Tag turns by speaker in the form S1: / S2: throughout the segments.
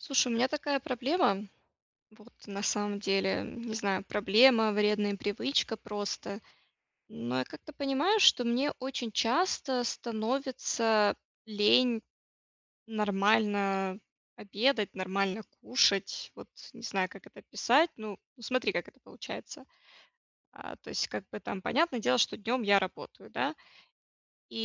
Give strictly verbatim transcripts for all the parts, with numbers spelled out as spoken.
S1: Слушай, у меня такая проблема, вот, на самом деле, м, не знаю, проблема, вредная привычка, просто, но, я как-то понимаю, что мне очень часто становится лень нормально обедать, нормально кушать, вот, не знаю, как это описать, ну, ну, смотри, как это получается. А, то есть, как бы, там, понятное дело, что днем я работаю, да.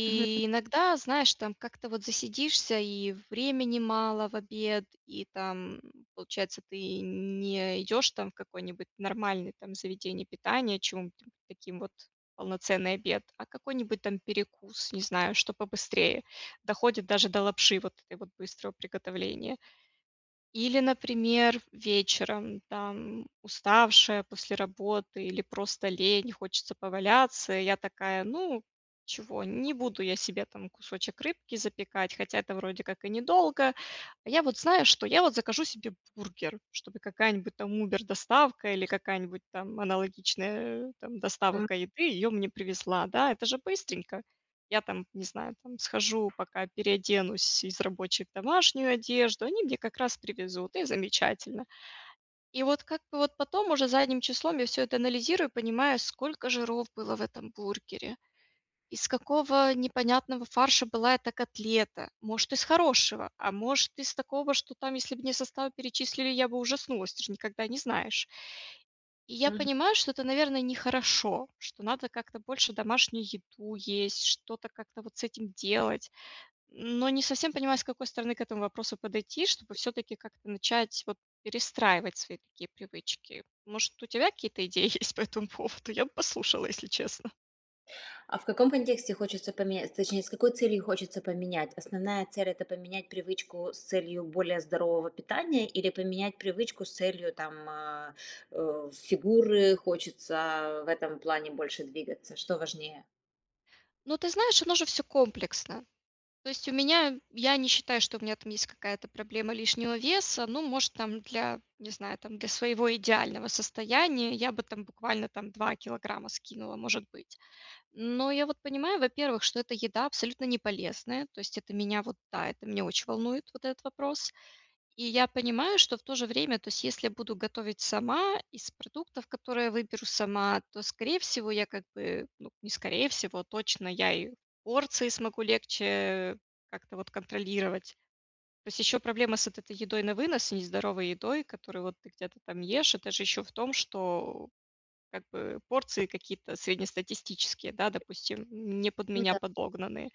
S2: [unintelligible] П нятно.
S1: иногда, знаешь, там, как-то вот засидишься, и времени мало в обед, и, там, м, получается, ты н-не идешь, там, в какой-нибудь нормальный, там, заведение питания, [unintelligible] чём там, таким вот, полноценный обед, а, какой-нибудь, там, перекус, не знаю, что побыстрее, доходит даже до лапши, вот этой вот, быстрого приготовления. Или, например, вечером, там, уставшая после работы, или просто лень, хочется поваляться, и, я такая, ну, чего, не буду я себе, там, кусочек рыбки запекать, хотя, это, вроде как, и недолго, я вот знаю, что я вот закажу себе бургер, чтобы какая-нибудь, там, убер доставка, или какая-нибудь, там, аналогичная, э, там,
S2: М.
S1: доставка еды, её мне привезла, да, это же быстренько. Я, там, не знаю, там, схожу, пока переоденусь из рабочей в домашнюю одежду, они мне, как раз, привезут, и замечательно. И, вот, как бы, вот, потом, уже, задним числом, я всё это анализирую, понимаю, сколько жиров было в этом бургере, из какого непонятного фарша была эта котлета, может, из хорошего, а может, из такого, что, там, если б мне составы перечислили, я бы ужаснулась, ты же никогда не знаешь. И, я
S2: Мгм.
S1: понимаю, что это, наверно, не хорошо, что надо, как-то, больше домашнюю еду есть, что-то как-то вот с этим делать, но, не совсем понимаю, с какой стороны к этому вопросу подойти, чтобы, всё-таки, как-то начать, вот, перестраивать свои такие привычки. Может, у тебя какие-то идеи есть по этому поводу? Я бы послушала, если честно.
S2: А, в каком контексте хочется поменять, точнее, с какой целью хочется поменять? Основная цель- это поменять привычку с целью более здорового питания, или поменять привычку с целью, там, а, э, фигуры, хочется, а, в этом плане, больше двигаться? Что важнее?
S1: Ну, ты знаешь, оно же всё комплексно. То есть, у меня, я не считаю, что у меня, там, есть какая-то проблема лишнего веса, ну, может, там, для, не знаю, там, для своего идеального состояния, я бы, там, буквально, там, два килограмма скинула, может быть. Но, я вот понимаю, во-первых, что эта еда абсолютно не полезная, то есть, это меня, вот, да, это меня очень волнует вот этот вопрос, и, я понимаю, что, в то же время, то есть, если буду готовить сама из продуктов, которые выберу сама, то, скорее всего, я, как бы, ну, не скорее всего, точно, я и порции смогу легче, э, как-то, вот, контролировать. То есть, еще проблема с вот этой едой на вынос, нездоровой едой, которую, вот, ты где-то там ешь, это же, еще, в том, что, э, как бы, порции какие-то среднестатистические, да, допустим, м, не под
S2: Ну
S1: меня
S2: да.
S1: подогнанные,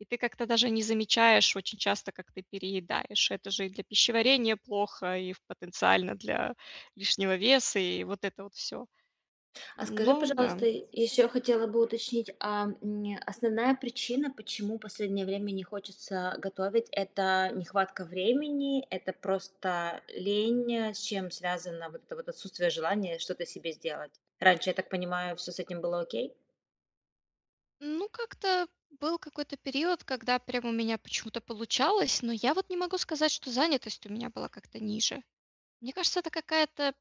S1: и ты как-то даже не замечаешь очень часто, как ты переедаешь. Это же, и для пищеварения плохо, и, в потенциально, для лишнего веса, и, вот, это вот, всё.
S2: А, скажи,
S1: Ну да.
S2: пожалуйста, и, еще, хотела бы уточнить, а, м, основная причина, почему последнее время не хочется, а, готовить: это нехватка времени, это, просто, лень, с чем связано вот это вот отсутствие желания что-то себе сделать? Раньше, я так понимаю, всё с этим было окей.
S1: Ну, как-то был какой-то период, когда прям у меня почему-то получалось, но я вот не могу сказать, что занятость у меня была как-то ниже. Мне кажется, это какая-то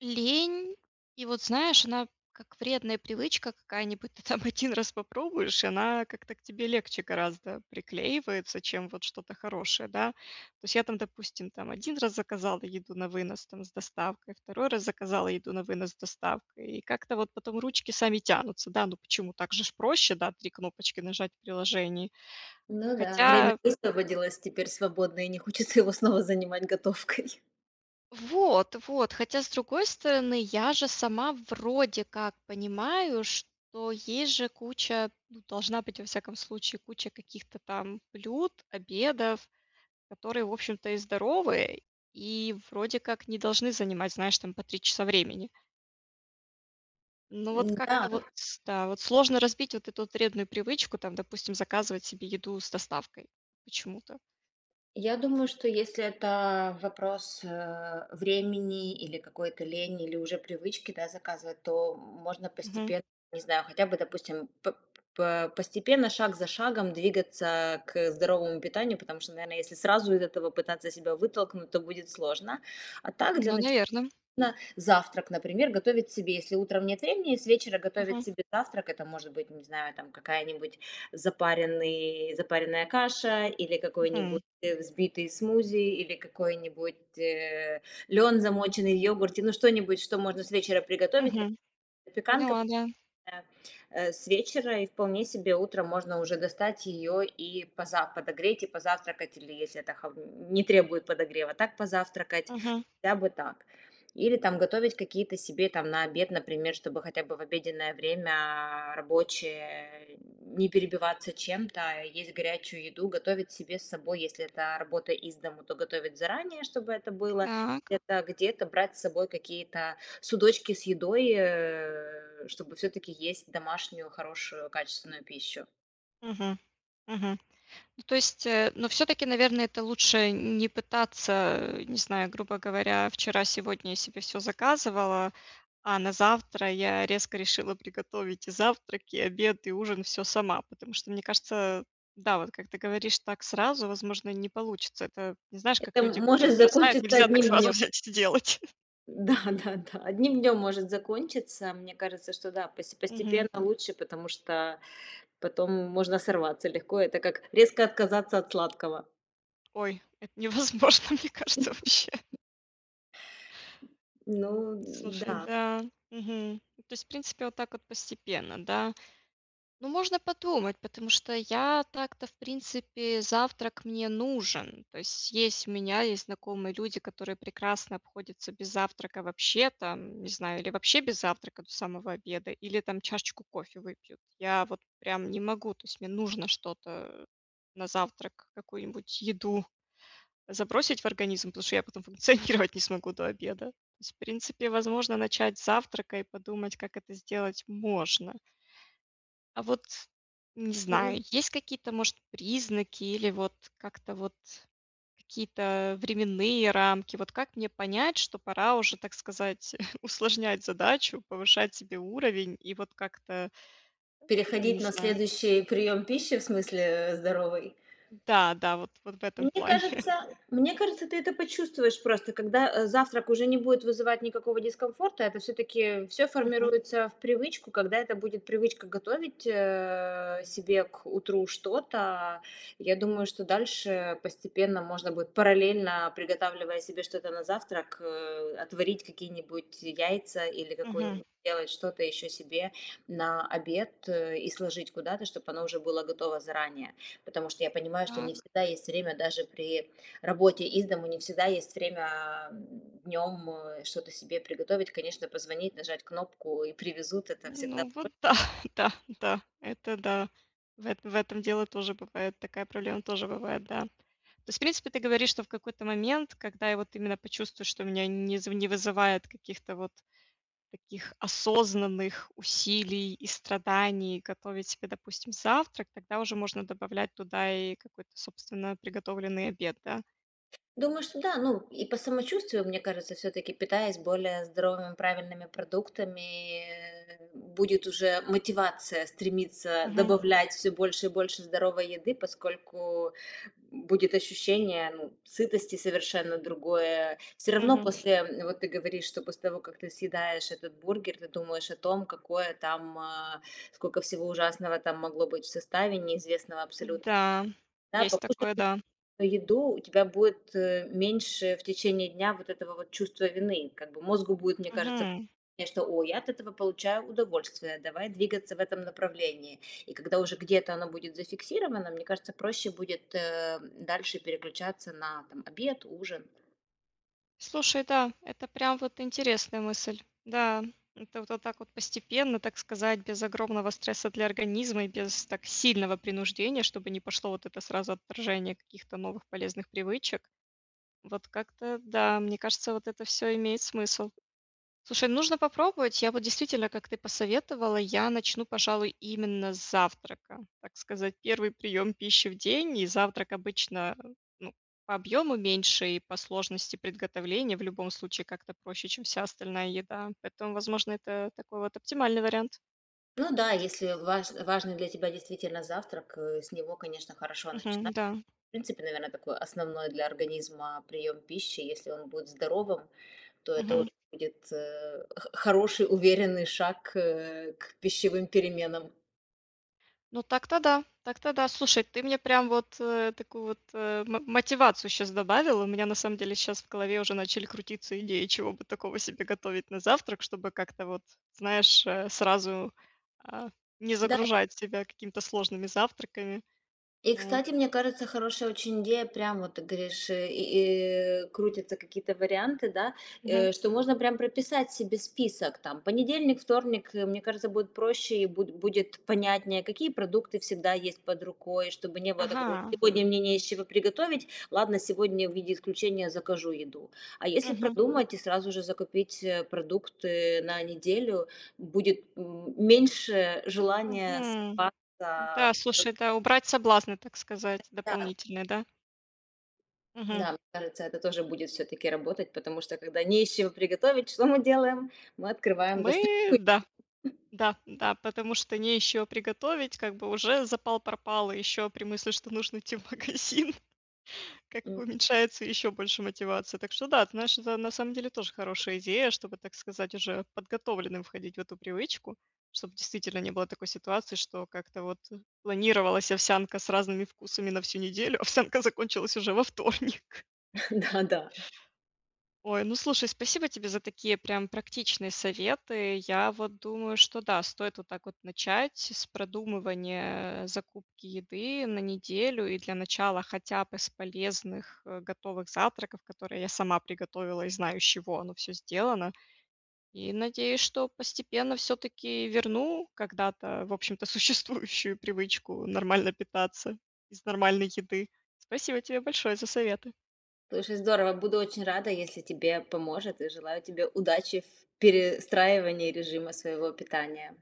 S1: лень, и вот, знаешь, она как вредная привычка какая-нибудь: ты там один раз попробуешь, и она как-то к тебе легче гораздо приклеивается, чем вот что-то хорошее, да. То есть я там, допустим, там один раз заказала еду на вынос, там, с доставкой, второй раз заказала еду на вынос с доставкой, и как-то вот потом ручки сами тянутся. Да, ну почему, так же ж проще, да, три кнопочки нажать в приложении.
S2: Ну да. Время
S1: Хотя
S2: высвободилось, теперь свободно, и не хочется его снова занимать готовкой.
S1: Вот, вот, хотя, с другой стороны, я же сама вроде как понимаю, что есть же куча, ну, должна быть, во всяком случае, куча каких-то там блюд, обедов, которые, в общем-то, и здоровые, и вроде как не должны занимать, знаешь, там, по три часа времени. Ну, вот
S2: Н-да,
S1: как-то
S2: вот.
S1: вот, ста сложно разбить вот эту вот вредную привычку, там, допустим, заказывать себе еду с доставкой почему-то.
S2: Я думаю, что если это вопрос, э, времени или какой-то лени, или уже привычки, да, заказывать, то можно
S1: Мгм.
S2: постепенно, не знаю, хотя бы, допустим, п по постепенно, шаг за шагом двигаться, э, к здоровому питанию. Потому что, наверно, если сразу из этого пытаться себя вытолкнуть, то будет сложно. А так, для
S1: Ну,
S2: начала
S1: наверно.
S2: завтрак, например, готовить себе. Если утром нет времени, с вечера готовить
S1: Мгм.
S2: себе завтрак, это может быть, не знаю, там, какая-нибудь запаренный запаренная каша, или
S1: Мгм.
S2: какой-нибудь взбитый смузи, или какой-нибудь, э, лён, замоченный в йогурте. Ну, что-нибудь, что можно с вечера приготовить, или
S1: Мгм.
S2: запеканка,
S1: Поняла, да.
S2: да, э, с вечера, и вполне себе утром можно уже достать её и поза подогреть, и позавтракать, или если это холо не требует подогрева, так позавтракать.
S1: Мгм.
S2: Хотя бы так. Или, там, готовить какие-то себе, там, на обед, например, чтобы хотя бы в обеденное время рабочее не перебиваться чем-то, есть горячую еду. Готовить себе с собой. Если это работа из дома, то готовить заранее, чтобы это было.
S1: Так.
S2: Это где-то брать с собой какие-то судочки с едой, э, чтобы всё-таки есть домашнюю, хорошую, качественную пищу.
S1: Мгм. Мгм. Ну, то есть, э, ну, всё-таки, наверно, это лучше н не пытаться, э, не знаю, грубо говоря, вчера-сегодня я себе всё заказывала, а на завтра я резко решила приготовить и завтрак, и обед, и ужин- всё сама. Потому что, мне кажется, да, вот как ты говоришь, так сразу, возможно, не получится это. Знаешь, как
S2: Это
S1: люди
S2: может
S1: курить бросают?
S2: закончиться
S1: Нельзя так
S2: одним
S1: сразу
S2: днём.
S1: взять и сделать.
S2: Да, да, да, одним днём может закончиться. Мне кажется, что да, посте постепенно
S1: Мгм.
S2: лучше, потому что потом можно сорваться легко, это как резко отказаться от сладкого.
S1: Ой, это невозможно, мне кажется, вообще.
S2: Ну,
S1: Ну, слушай,
S2: н-да.
S1: да, мгм. То есть, в принципе, вот так вот постепенно, да? Ну, можно подумать, потому что я так-то в принципе, завтрак мне нужен. То есть у меня есть знакомые люди, которые прекрасно обходятся без завтрака вообще, там, не знаю, или вообще без завтрака до самого обеда, или, там, чашечку кофе выпьют. Я вот прям не могу, то есть мне нужно что-то, э, на завтрак, какую-нибудь еду забросить в организм, потому что я потом функционировать не смогу до обеда. В принципе, возможно, начать с завтрака и подумать, как это сделать можно. А вот, не
S2: Ну, з
S1: знаю, есть какие-то, может, признаки или, вот, как-то вот какие-то временные рамки, вот как мне понять, что пора уже, так сказать, усложнять задачу, повышать себе уровень и вот как-то,
S2: Переходить
S1: не
S2: на
S1: знаю.
S2: следующий приём пищи в смысле, э, здоровой?
S1: Да, да, вот вот в этом
S2: Мне
S1: плане.
S2: кажется мне кажется, ты это почувствуешь просто. Когда, э, завтрак уже не будет вызывать никакого дискомфорта, это всё-таки всё
S1: Мгм.
S2: формируется в привычку. Когда это будет привычка готовить, э, себе к утру что-то, я думаю, что дальше постепенно можно будет, параллельно приготавливая себе что-то на завтрак, э, отварить какие-нибудь яйца или
S1: Мгм.
S2: какой-ни делать что-то еще себе на обед и сложить куда-то, чтобы оно уже было готово заранее. Потому что я понимаю, что не
S1: Так.
S2: всегда есть время даже при работе из дому, не всегда есть время, а, м, днем, э, что-то себе приготовить. Конечно, позвонить, нажать кнопку, и привезут- это всегда
S1: Ну, вот да,
S2: проще.
S1: да, да, это да, в это в этом дело тоже бывает, такая проблема тоже бывает, да. То есть, в принципе, ты говоришь, что в какой-то момент, когда я вот именно почувствую, что у меня не зв не вызывает каких-то вот таких осознанных усилий и страданий готовить себе, допустим, завтрак, тогда уже можно добавлять туда и какой-то, собственно, приготовленный обед, да?
S2: Думаю, что да. Ну, и по самочувствию, мне кажется, всё-таки, питаясь более здоровыми, правильными продуктами, э, будет уже мотивация стремиться
S1: Мгм.
S2: добавлять всё больше и больше здоровой еды. Поскольку, м, будет ощущение, ну, сытости совершенно другое. Всё равно
S1: Мгм.
S2: после вот ты говоришь, что после того, как ты съедаешь этот бургер, ты думаешь о том, какое там а, сколько всего ужасного там могло быть в составе неизвестного абсолютно.
S1: Н-да,
S2: Да,
S1: есть
S2: покушая
S1: такое, да.
S2: еду, у тебя будет, э, меньше в течение дня вот этого вот чувства вины, как бы. Мозгу будет, мне кажется,
S1: Мгм.
S2: мне что: "Ой, я от этого получаю удовольствие, давай двигаться в этом направлении". И когда уже где-то оно будет зафиксировано, мне кажется, проще будет, э, дальше переключаться на, там, обед, ужин.
S1: Слушай, да, это прям вот интересная мысль. Да, это вот так вот постепенно, так сказать, без огромного стресса для организма и без так сильного принуждения, чтобы не пошло вот это сразу отторжение каких-то новых полезных привычек. Вот как-то да, мне кажется, вот это всё имеет смысл. Слушай, нужно попробовать. Я вот действительно, как ты посоветовала, я начну, пожалуй, именно с завтрака. Так сказать, первый прием пищи в день, и завтрак обычно, ну, по объему меньше и по сложности приготовления в любом случае как-то проще, чем вся остальная еда, поэтому, возможно, это такой вот оптимальный вариант.
S2: Ну да, если важ важный для тебя действительно завтрак, э, с него, конечно, хорошо начинать.
S1: Мгм, да.
S2: В принципе, наверно, такой основной для организма приём пищи. Если он будет здоровым, то это он
S1: Мгм.
S2: будет, э, х хороший, уверенный шаг к, э, к пищевым переменам.
S1: Ну, так-то да, так-то да, слушай, ты мне прям вот, э, такую вот, э, м мотивацию щас добавила. У меня на самом деле щас в голове уже начали крутиться идеи, чего бы такого себе готовить на завтрак, чтобы как-то вот, знаешь, э, сразу, а, не
S2: Да й
S1: загружать себя какими-то сложными завтраками.
S2: И
S1: Вот.
S2: кстати, мне кажется, хорошая очень идея, прям вот ты говоришь, и, э, крутятся какие-то варианты, да,
S1: Мгм.
S2: э, что можно прям прописать себе список. Там, понедельник, вторник, э, мне кажется, будет проще и бу будет понятнее, какие продукты всегда есть под рукой, чтобы не было такого: "Ой,
S1: Ага.
S2: сегодня мне не из чего приготовить, ладно, сегодня в виде исключения закажу еду". А если
S1: Мгм.
S2: продумать и сразу же закупить, э, продукты на неделю, будет, м, меньше желания
S1: Мгм. Да,
S2: сорваться. Вот.
S1: слушай, да, убрать соблазны, так сказать,
S2: Да.
S1: дополнительные, да? Мгм.
S2: Да, мне кажется, это тоже будет всё-таки работать, потому что, когда не из чего приготовить, что мы делаем? Мы открываем
S1: Мы,
S2: достойный
S1: да.
S2: [unintelligible]
S1: Да, да, потому что не из чего приготовить, как бы уже запал пропал, ещё при мысли, что нужно идти в магазин, как
S2: М.
S1: бы уменьшается ещё больше мотивация. Так что да, знаешь, это на самом деле тоже хорошая идея, чтобы, так сказать, уже подготовленным входить в эту привычку. Чтобы действительно не было такой ситуации, что как-то вот, э, планировалась овсянка с разными вкусами на всю неделю, а овсянка закончилась уже во вторник.
S2: Да, да.
S1: Ой, ну, слушай, спасибо тебе за такие прям практичные советы. Я вот думаю, что да, стоит вот так вот начать с продумывания, э, закупки еды на неделю, и для начала хотя бы с полезных, э, готовых завтраков, которые я сама приготовила и знаю, из чего оно всё сделано. И, надеюсь, что постепенно всё-таки верну когда-то, в общем-то, существующую привычку нормально питаться из нормальной еды. Спасибо тебе большое за советы.
S2: Слушай, здорово! Буду очень рада, если тебе поможет, и желаю тебе удачи в перестраивании режима своего питания.